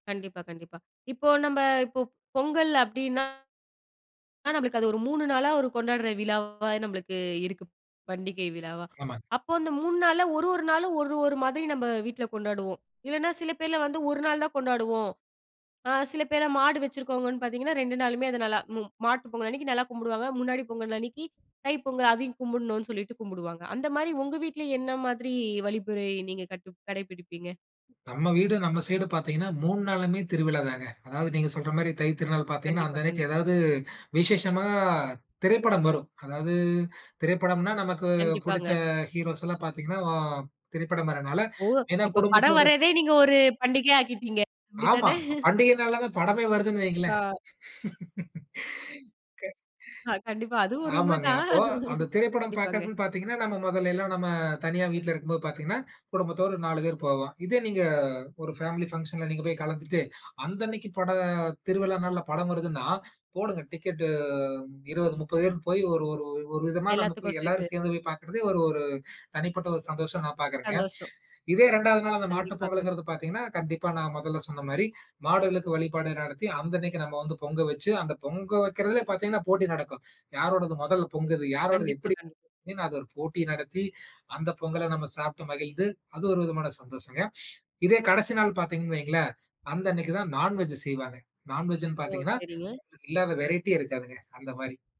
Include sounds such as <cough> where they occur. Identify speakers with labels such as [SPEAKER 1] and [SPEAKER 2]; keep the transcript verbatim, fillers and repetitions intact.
[SPEAKER 1] கண்டிப்பா, கண்டிப்பா. இப்போ நம்ப இப்ப பொங்கல் அப்டின்னா, ஆனா நம்ளுக்கு அது ஒரு மூணு நாளா ஒரு கொண்டாட்ற விழாவா நம்மளுக்கு இருக்கு. பண்டிகை விழாவா.
[SPEAKER 2] ஆமாங்
[SPEAKER 1] அப்போ அந்த மூண் நாளா ஒரு, ஒரு நாளு ஒரு, ஒரு மாதிரி நம்ப வீட்ல கொண்டாடுவோம். இல்லன்னா சில பேர்லாம் வந்து ஒரு நாள் தான் கொண்டாடுவோம். அ சில பேர்லாம் மாடு வச்சிருக்கவங்கன்னு பாத்தீங்கன்னா ரெண்டு நாளுமே அது நல்லா ம் மாட்டு பொங்கல்லன்னைக்கி நல்லா கும்புடுவாங்க. முன்னாடி பொங்கல் அன்னிக்கு தைப்பொங்கல் அதையும் கும்புடுணு சொல்லிட்டு கும்புடுவாங்க. அந்த மாரி உங்க வீட்ல என்ன மாதிரி வழிபுறை நீங்க கட்டு-கடைபிடிப்பீங்க?
[SPEAKER 2] நம்ம வீடு நம்ம சைடு பாத்தீங்கன்னா மூண் நாளுமே திருவிழாதாங்க. அதாவ நீங்க சொல்ற மாரி தை திருநாள் பார்த்தீங்கன்னா,
[SPEAKER 1] கண்டிப்பா,
[SPEAKER 2] அந்த அன்னைக்கி
[SPEAKER 1] கண்டி
[SPEAKER 2] ஏதாது விஷேஷமானா திரைப்படம் வரும். அதாது திரைப்படம்ன்னா நமக்கு புடிச்ச
[SPEAKER 1] கண்டிப்பாங்க.
[SPEAKER 2] ஹீரோஸ்ல்லாம் பாத்தீங்கன்னா வ திரைப்படம் வர்றனால
[SPEAKER 1] ஓ!
[SPEAKER 2] ஏன்னா
[SPEAKER 1] இப்ப படம்
[SPEAKER 2] குடும்பத்தோட
[SPEAKER 1] வர்றதே நீங்க ஒரு பண்டிகையா ஆக்கிட்டீங்க.
[SPEAKER 2] ஆமா.
[SPEAKER 1] அப்டிதானே? <chuckles>
[SPEAKER 2] பண்டிகை நாள்லதான் படமே வருதுன்னு
[SPEAKER 1] கா
[SPEAKER 2] வைங்களேன்.
[SPEAKER 1] அ கண்டிப்பா அது
[SPEAKER 2] <laughs> க
[SPEAKER 1] ஒரு
[SPEAKER 2] ஆமாங்க.
[SPEAKER 1] உண்மதான்.
[SPEAKER 2] அப்போ அந்தத்
[SPEAKER 1] <chuckles>
[SPEAKER 2] திரைப்படம்
[SPEAKER 1] கண்டிப்பாங்க.
[SPEAKER 2] பாக்கறதுன்னு பாத்தீங்கன்னா, நம்ம மொதல்லைல்லாம் நம்ம தனியா வீட்ல இருக்கும்போது பாத்தீங்கன்னா குடும்பத்தோடு நாலு பேரு போவோம். இதே நீங்க ஒரு பேமலி பங்சன்ல நீங்க போய் கலந்துட்டு அந்த அன்னைக்கி பட திருவிழா நாள்ல படம் வருதுன்னா, போடுங்க டிக்கெட்டு! இருவது, முப்பது பேரு போயி ஒரு ஒரு ஒரு விதமா நம்ம போய்
[SPEAKER 1] எல்லாத்துக்கும்
[SPEAKER 2] எல்லாரும்
[SPEAKER 1] சேத்து.
[SPEAKER 2] சேந்து போய் பாக்றது ஒரு ஒரு தனிப்பட்ட ஒரு சந்தோஷமா நான் பாக்றங்க.
[SPEAKER 1] சந்தோசம்.
[SPEAKER 2] இதே ரெண்டாது நாள் அந்த மாட்டுப்
[SPEAKER 1] கண்டிப்பா, கண்
[SPEAKER 2] பொங்கல்ங்குறது பாத்தீங்கன்னா கண்டிப்பா நான் மொதல்ல சொன்ன மாரி மாடுகளுக்கு வழிபாடு நடத்தி அந்த அன்னைக்கி நம்ப வந்து பொங்க வச்சு, அந்தப் பொங்க வைக்கறதுல பாத்தீங்கன்னா போட்டி நடக்கும். "யாரோடது மொதல் பொங்குது? யாரோடது
[SPEAKER 1] கண்டிப்பா,
[SPEAKER 2] எப்டி?"
[SPEAKER 1] கண்டி
[SPEAKER 2] அத ஒரு போட்டி நடத்தி அந்த பொங்கல நம்ம சாப்ட்டு மகிழ்ந்து அது ஒரு விதமான சந்தோஷங்க. இதே கடசி நாள் பாத்தீங்கன்னு வைங்ளேன். அந்த அன்னைக்கி தான் நான் வெஜ் செய்வாங்க. நான் வெஜ்ன்னு
[SPEAKER 1] ஓ!
[SPEAKER 2] பாத்தீங்கன்னா,
[SPEAKER 1] சரிங்க.
[SPEAKER 2] இல்லாத வெரைட்டியே இருக்காதுங்க அந்த மாரி.